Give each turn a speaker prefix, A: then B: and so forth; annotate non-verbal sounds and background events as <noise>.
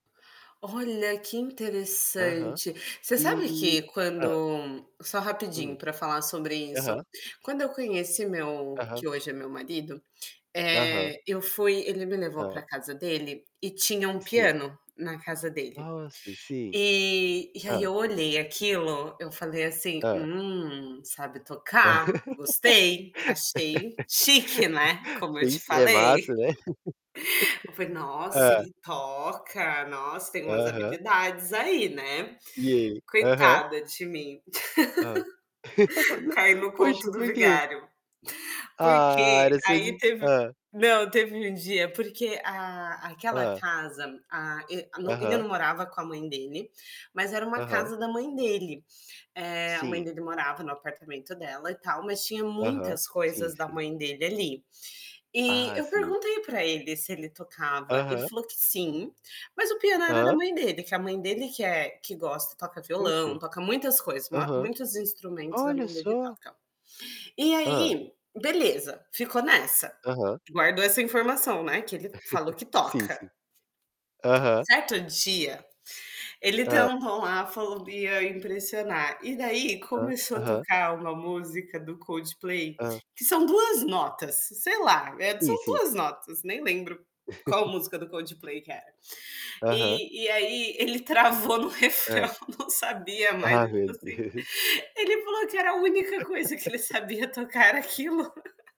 A: Olha, que
B: Aham.
A: interessante. Você
B: E
A: sabe que
B: hã.
A: quando só rapidinho
B: Hum.
A: pra falar sobre isso.
B: Aham.
A: Quando eu conheci meu
B: Aham.
A: que hoje é meu marido,
B: Aham.
A: eh, eu fui ele me levou
B: Hã.
A: para casa dele e tinha um
B: Sim.
A: piano na casa dele.
B: Nossa, sim.
A: E e aí
B: Hã.
A: eu olhei aquilo, eu falei assim:
B: Hã.
A: "Hum, sabe tocar. Gostei.", achei chique, né,
B: <laughs>
A: como eu te
B: Isso é
A: falei.
B: massa, né.
A: Eu falei:
B: <laughs>
A: "Nossa,
B: Hã.
A: ele toca. Nossa, tem umas
B: Aham.
A: habilidades aí.", né.
B: E e Aham.
A: Coitada de mim.
B: Hã.
A: <laughs> Cai
B: <laughs>
A: no conto
B: Poxa,
A: do
B: por quê?
A: vigário. Por
B: Ah,
A: quê?
B: era só
A: Aí
B: de
A: teve
B: hã.
A: não, teve um dia porque a aquela
B: Hã.
A: casa, a e no ele
B: Aham.
A: não morava com a mãe dele, mas era uma
B: Aham.
A: casa da mãe dele. Eh, a mãe
B: Sim.
A: dele morava no apartamento dela e tal, mas tinha
B: Aham.
A: muitas
B: Sim,
A: coisas da
B: sim.
A: mãe dele ali. E
B: Ah,
A: eu
B: sim.
A: perguntei para ele se ele tocava, ele
B: Aham.
A: falou que sim, mas o piano era da
B: Hã.
A: mãe dele, que a mãe dele que é que gosta, toca violão,
B: Oxe.
A: toca muitas coisas, uma
B: Aham.
A: muitos instrumentos a
B: Olha
A: mãe dele
B: só.
A: toca. E
B: Hã.
A: aí, beleza, ficou nessa.
B: Aham.
A: Guardou essa informação, né, que ele falou
B: <chuckles>
A: que
B: Sim,
A: toca?
B: sim. Aham.
A: Certo dia, ele
B: Hã.
A: tentou lá, falou que ia impressionar. E daí
B: Hã.
A: começou a
B: Aham.
A: tocar uma música do Coldplay
B: Hã.
A: que são 2 notas, sei lá, eh,
B: Sim,
A: são
B: sim.
A: 2 notas, nem lembro qual música do
B: <chuckles>
A: Coldplay que era.
B: Aham.
A: E e aí ele travou no
B: Hã.
A: refrão, não sabia mais,
B: Ah,
A: tipo
B: meu
A: assim.
B: Deus.
A: Ele falou que era a única coisa que ele
B: <laughs>
A: sabia tocar, era aquilo. <laughs>